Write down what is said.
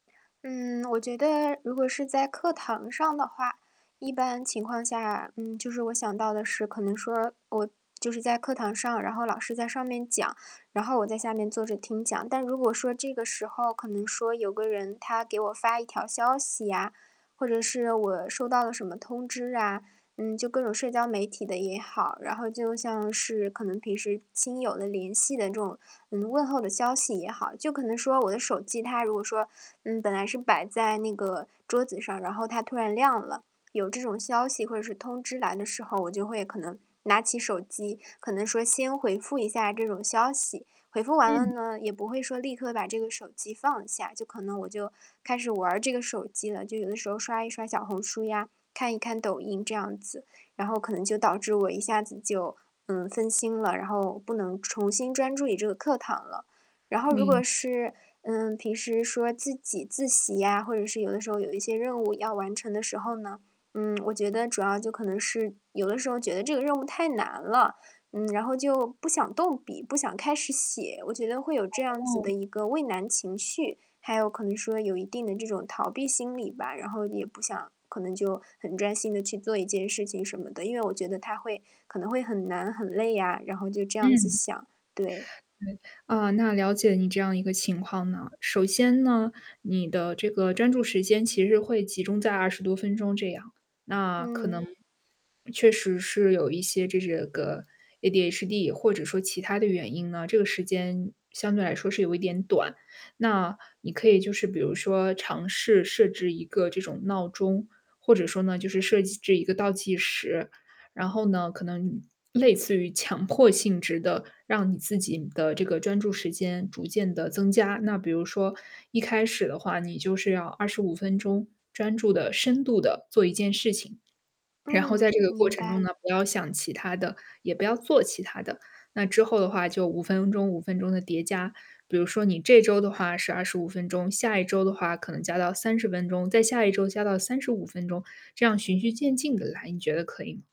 嗯，我觉得如果是在课堂上的话，一般情况下，嗯，就是我想到的是可能说，我就是在课堂上，然后老师在上面讲，然后我在下面坐着听讲。但如果说这个时候可能说有个人他给我发一条消息啊，或者是我收到了什么通知啊，嗯，就各种社交媒体的也好。然后就像是可能平时亲友的联系的这种，嗯，问候的消息也好，就可能说我的手机，它如果说，嗯，本来是摆在那个桌子上，然后它突然亮了。有这种消息或者是通知来的时候，我就会可能拿起手机，可能说先回复一下这种消息，回复完了嗯。呢，也不会说立刻把这个手机放下，就可能我就开始玩儿这个手机了，就有的时候刷一刷小红书呀，看一看抖音这样子。然后可能就导致我一下子就，嗯，分心了，然后不能重新专注于这个课堂了。然后如明果白。是，嗯，平时说自己自习啊，或者是有的时候有一些任务要完成的时候呢，嗯，我觉得主要就可能是，有的时候觉得这个任务太难了，嗯，然后就不想动笔、不想开始写，我觉得会有这样子哦。的一个畏难情绪，还有可能说有一定的这种逃避心理吧。然后也不想，可能就很专心地去做一件事情什么的，因为我觉得它会可能会很难、很累呀，然后就这样子嗯。想，对。对。呃，那了解你这样一个情况呐。首先呢，你的这个专注时间其实会集中在20多分钟这样，那可能嗯。确实是有一些就这个 ADHD 或者说其他的原因呢，这个时间相对来说是有一点短。那你可以就是比如说尝试设置一个这种闹钟，或者说呢就是设计这一个倒计时，然后呢可能，类似于强迫性质的，让你自己的这个专注时间逐渐地增加。那比如说一开始的话你就是要25分钟专注的、深度的做一件事情，然后在嗯，这个过明程中白。呢，不要想其他的，也不要做其他的。那之后的话就5分钟5分钟的叠加，比如说你这周的话是25分钟，下一周的话可能加到30分钟，再下一周加到35分钟，这样循序渐进地来，你觉得可以吗？